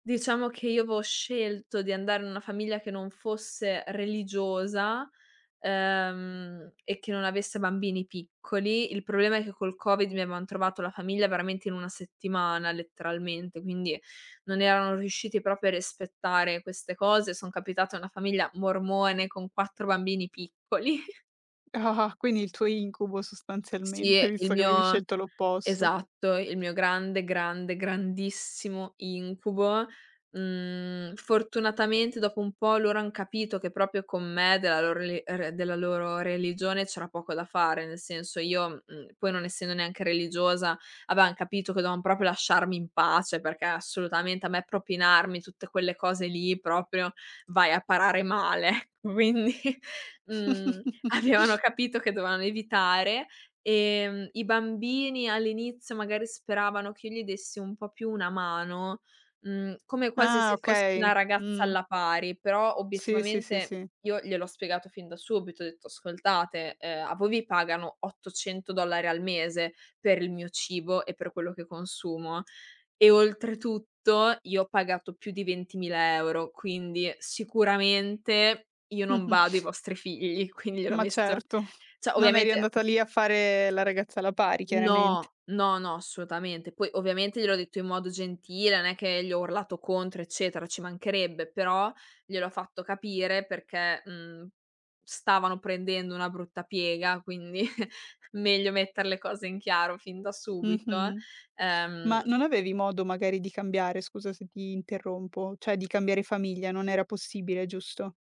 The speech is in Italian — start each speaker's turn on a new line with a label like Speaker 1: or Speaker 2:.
Speaker 1: Diciamo che io avevo scelto di andare in una famiglia che non fosse religiosa, ehm, e che non avesse bambini piccoli. Il problema è che col Covid 19 mi avevan trovato la famiglia veramente in una settimana letteralmente, quindi non erano riusciti proprio a rispettare queste cose. Sono capitata a una famiglia mormone con quattro bambini piccoli.
Speaker 2: Quindi il tuo incubo
Speaker 1: Sì
Speaker 2: sostanzialmente
Speaker 1: il
Speaker 2: visto che avevi
Speaker 1: mio
Speaker 2: scelto l'opposto.
Speaker 1: esatto. Il mio grande, grande, grandissimo incubo. Mhmm. Fortunatamente dopo un po' loro han capito che proprio con me della loro re re della loro religione c'era poco da fare. Nel senso io, mh, poi non essendo neanche religiosa, avevan capito che dovevan proprio lasciarmi in pace perché assolutamente a me propinarmi tutte quelle cose lì proprio vai a parare male. Ecco quindi, mhmm, avevano capito che dovevano evitare, ehm, i bambini. All'inizio magari speravano che io gli dessi un po' più una mano, mhmm, come quasi
Speaker 2: Ah,
Speaker 1: se fossi
Speaker 2: okay.
Speaker 1: una ragazza
Speaker 2: Mh.
Speaker 1: alla pari. Però
Speaker 2: Sì, sì, sì,
Speaker 1: obiettivamente
Speaker 2: sì.
Speaker 1: io gliel'ho spiegato fin da subito, ho detto: "Ascoltate, ehm, a voi vi pagano 800$ al mese per il mio cibo e per quello che consumo e oltretutto io ho pagato più di 20000€, quindi sicuramente io non bado ai vostri figli, quindi gliel'ho
Speaker 2: Ma
Speaker 1: messo
Speaker 2: certo,
Speaker 1: cioè
Speaker 2: non eri
Speaker 1: ovviamente
Speaker 2: andata lì a fare la ragazza alla pari chiarament
Speaker 1: No, no, no assolutamente. Poi ovviamente gliel'ho detto in modo gentile, non è che gli ho urlato contro eccetera, ci mancherebbe, però gliel'ho fatto capire perché, mhmm, stavano prendendo una brutta piega, quindi meglio mettere le cose in chiaro fin da subito eh.
Speaker 2: Mh-mh.
Speaker 1: Ehm.
Speaker 2: Ma non avevi modo magari di cambiare scusa se ti interrompo, cioè di cambiare famiglia, non era possibile giusto?